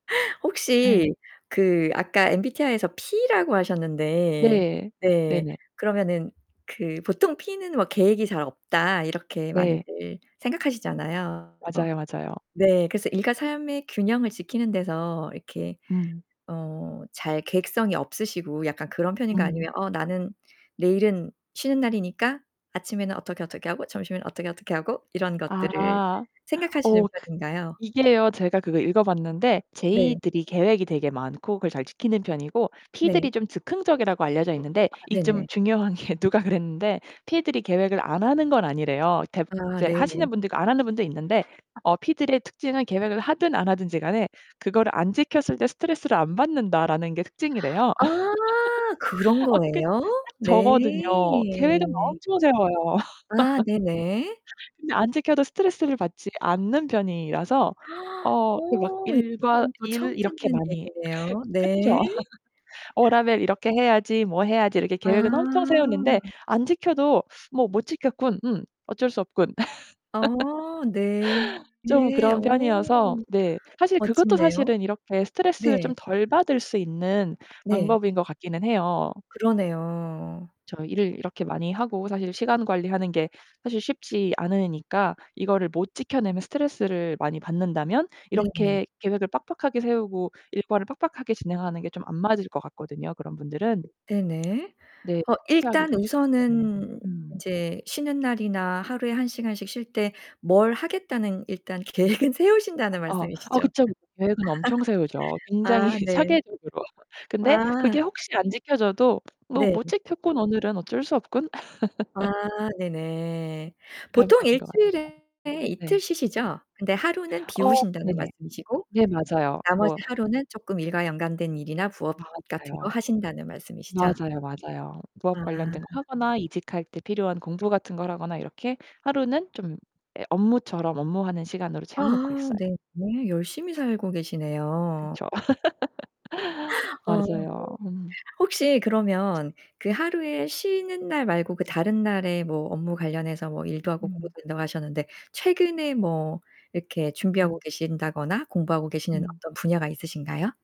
네. 혹시 그 아까 MBTI에서 P라고 하셨는데 네. 네 네네. 그러면은 그 '보통 P는 뭐 계획이 잘 없다.' 이렇게 네. 많이들 생각하시잖아요. 맞아요, 맞아요. 네 그래서 일과 삶의 균형을 지키는 데서 이렇게 음. 어 잘 계획성이 없으시고 약간 그런 편인가요 음. 아니면 '어 나는 내일은 쉬는 날이니까 아침에는 어떻게 어떻게 하고 점심에는 어떻게 어떻게 하고' 이런 것들을 아. 생각하시는 어 그 편인가요? 이게요. 제가 그거 읽어봤는데 네. J들이 계획이 되게 많고 그걸 잘 지키는 편이고 네. P들이 좀 즉흥적이라고 알려져 있는데 아 이 좀 네네. 중요한 게 누가 그랬는데 P들이 계획을 안 하는 건 아니래요. 대부분 아 이제 네 네. 하시는 분들 있고 안 하는 분도 있는데 어 P들의 특징은 '계획을 하든 안 하든지 간에 그거를 안 지켰을 때 스트레스를 안 받는다.'라는 게 특징이래요. 아 그런 어 그게 거예요? 딱 네. 저거든요. 계획은 엄청 세워요. 아 네네. 근데 안 지켜도 스트레스를 받지 않는 편이라서 어 그 막 오 일과 이건 또 일 처음 이렇게 듣는 많이 얘기네요. 네. 그쵸? '어 다음엔 이렇게 해야지. 뭐 해야지.' 이렇게 아. 계획은 엄청 세웠는데 안 지켜도 뭐 '못 지켰군. 음 어쩔 수 없군.' 어 네. 좀 그런 어 편이어서 네. 사실 그것도 멋진데요. 사실은 이렇게 스트레스를 네. 좀 덜 받을 수 있는 네. 방법인 것 같기는 해요. 그러네요. 저 일을 이렇게 많이 하고 사실 시간 관리하는 게 사실 쉽지 않으니까 이거를 못 지켜내면 스트레스를 많이 받는다면 네 네. 이렇게 계획을 빡빡하게 세우고 일과를 빡빡하게 진행하는 게 좀 안 맞을 것 같거든요 그런 분들은. 네 네. 네 어 일단 실패하기가 쉽기 때문에 우선은 음. 이제 쉬는 날이나 하루에 1 시간씩 쉴 때 뭘 하겠다는 일단 계획은 세우신다는 어, 아, 말씀이시죠? 그쵸. 계획은 엄청 세우죠. 굉장히 아 네. 체계적으로. '근데 그게 아. 혹시 안 지켜져도 '뭐 네. 못 지켰군, 오늘은 어쩔 수 없군.' 아 네 네. 그런 보통 편인 1 것 같아요. 주일에 이틀 네. 쉬시죠? 근데 하루는 어 비우신다는 네네. 말씀이시고 네, 맞아요. 나머지 뭐 하루는 쪼끔 일과 연관된 일이나 부업 같은 거 맞아요. 하신다는 말씀이시죠? 맞아요, 맞아요. 부업 아. 관련된 거 하거나 이직할 때 필요한 공부 같은 걸 하거나 이렇게 하루는 좀 예 업무처럼 업무하는 시간으로 아 채워 놓고 있어요. 네 네. 열심히 살고 계시네요. 그쵸. 어 네. 맞아요. 음. 혹시 그러면 그 하루에 쉬는 날 말고 그 다른 날에 뭐 업무 관련해서 뭐 일도 하고 공부도 음. 된다고 하셨는데 최근에 뭐 이렇게 준비하고 음. 계신다거나 공부하고 계시는 음. 어떤 분야가 있으신가요?